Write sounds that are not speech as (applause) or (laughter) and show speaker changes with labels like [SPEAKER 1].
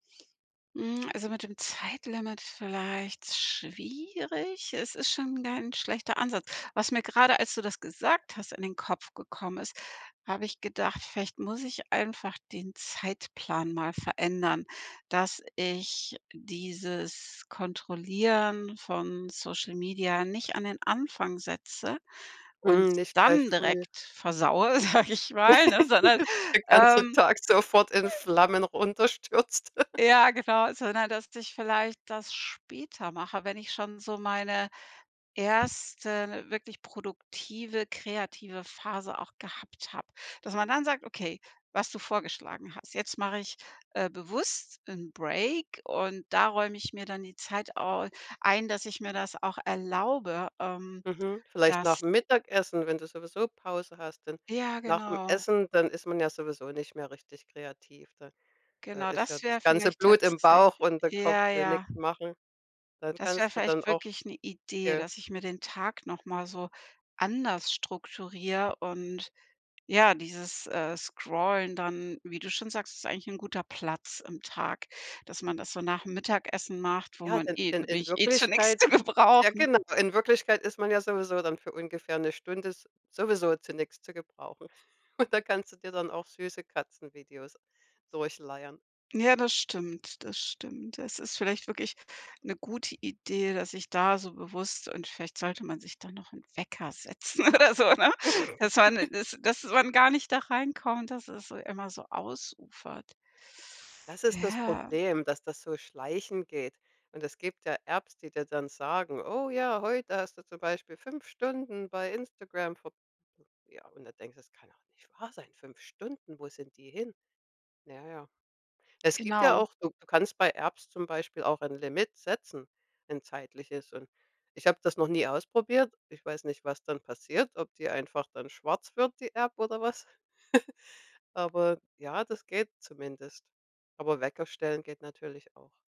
[SPEAKER 1] Hm, also mit dem Zeitlimit vielleicht schwierig. Es ist schon kein schlechter Ansatz. Was mir grade, als du das gesagt hast, in den Kopf gekommen ist hab ich gedacht, vielleicht muss ich einfach den Zeitplan mal verändern, dass ich dieses Kontrollieren von Social Media nicht an den Anfang setze und
[SPEAKER 2] Hm, nicht gleich
[SPEAKER 1] dann
[SPEAKER 2] früh.
[SPEAKER 1] direkt versaue, sag ich mal, ne? Sondern,
[SPEAKER 2] (laughs) Dass der ganze
[SPEAKER 1] ähm
[SPEAKER 2] Tag sofort in Flammen runter stürzt. (giggles)
[SPEAKER 1] Ja genau, sondern dass ich vielleicht das später mache, wenn ich schon so meine 1. wirklich produktive, kreative Phase auch gehabt hab. Dass man dann sagt: „Okay“, was du vorgeschlagen hast: „Jetzt mach ich, äh, bewusst 'n Break und da räum ich mir dann die Zeit au ein, dass ich mir das auch erlaube“, ähm,
[SPEAKER 2] Mhm. Vielleicht
[SPEAKER 1] dass
[SPEAKER 2] nachm Mittagessen, wenn du sowieso Pause hast, denn
[SPEAKER 1] Ja
[SPEAKER 2] nachm
[SPEAKER 1] genau.
[SPEAKER 2] Essen, dann ist man ja sowieso nicht mehr richtig kreativ. Da da
[SPEAKER 1] Genau,
[SPEAKER 2] ist ja
[SPEAKER 1] das wär
[SPEAKER 2] das ganze
[SPEAKER 1] vielleicht
[SPEAKER 2] Blut im
[SPEAKER 1] tatsäch
[SPEAKER 2] Bauch und der Kopf
[SPEAKER 1] ja,
[SPEAKER 2] will
[SPEAKER 1] ja.
[SPEAKER 2] nix machen. Dann
[SPEAKER 1] Das wär
[SPEAKER 2] kannst du dann
[SPEAKER 1] vielleicht
[SPEAKER 2] auch
[SPEAKER 1] wirklich 'ne Idee,
[SPEAKER 2] dir
[SPEAKER 1] dass ich mir den Tag noch mal so anders strukturiere und, ja, dieses, äh, Scrollen dann, wie du schon sagst ist eigentlich guter Platz im Tag, dass man das so nachm Mittagessen macht, wo
[SPEAKER 2] Ja,
[SPEAKER 1] man
[SPEAKER 2] denn
[SPEAKER 1] eh
[SPEAKER 2] denn
[SPEAKER 1] da bin
[SPEAKER 2] in
[SPEAKER 1] ich eh zu nix zu
[SPEAKER 2] Wirklichkeit ja
[SPEAKER 1] gebrauchen.
[SPEAKER 2] genau. In Wirklichkeit ist man ja sowieso dann für ungefähr 'ne Stunde s sowieso zu nix zu gebrauchen. Und da kannst du dir dann auch süße Katzenvideos durchleiern.
[SPEAKER 1] Ja, das stimmt, das stimmt. Es ist vielleicht wirklich 'ne gute Idee, dass ich da so bewusst und vielleicht sollte man sich da noch 'n Wecker setzen oder so, ne? Dass man
[SPEAKER 2] (giggles)
[SPEAKER 1] dass dass man gar nicht da reinkommt, dass es, äh, immer so ausufert.
[SPEAKER 2] Das ist das
[SPEAKER 1] Ja.
[SPEAKER 2] Problem, dass das so schleichend geht. Und es gibt ja Apps, die dir dann sagen: „Oh ja, heute hast du zum Beispiel 5 Stunden bei Instagram verb“ ja, und da denkst du: „Das kann doch nicht wahr sein. 5 Stunden, wo sind die hin?“ Na ja. Es gibt ja
[SPEAKER 1] Genau.
[SPEAKER 2] auch du du kannst bei Apps zum Beispiel auch ein Limit setzen, ein zeitliches. Und ich hab das noch nie ausprobiert. Ich weiß nicht, was dann passiert, ob die einfach dann schwarz wird, die App oder was. (giggles) Aber, ja, das geht zumindest. Aber Wecker stellen geht natürlich auch.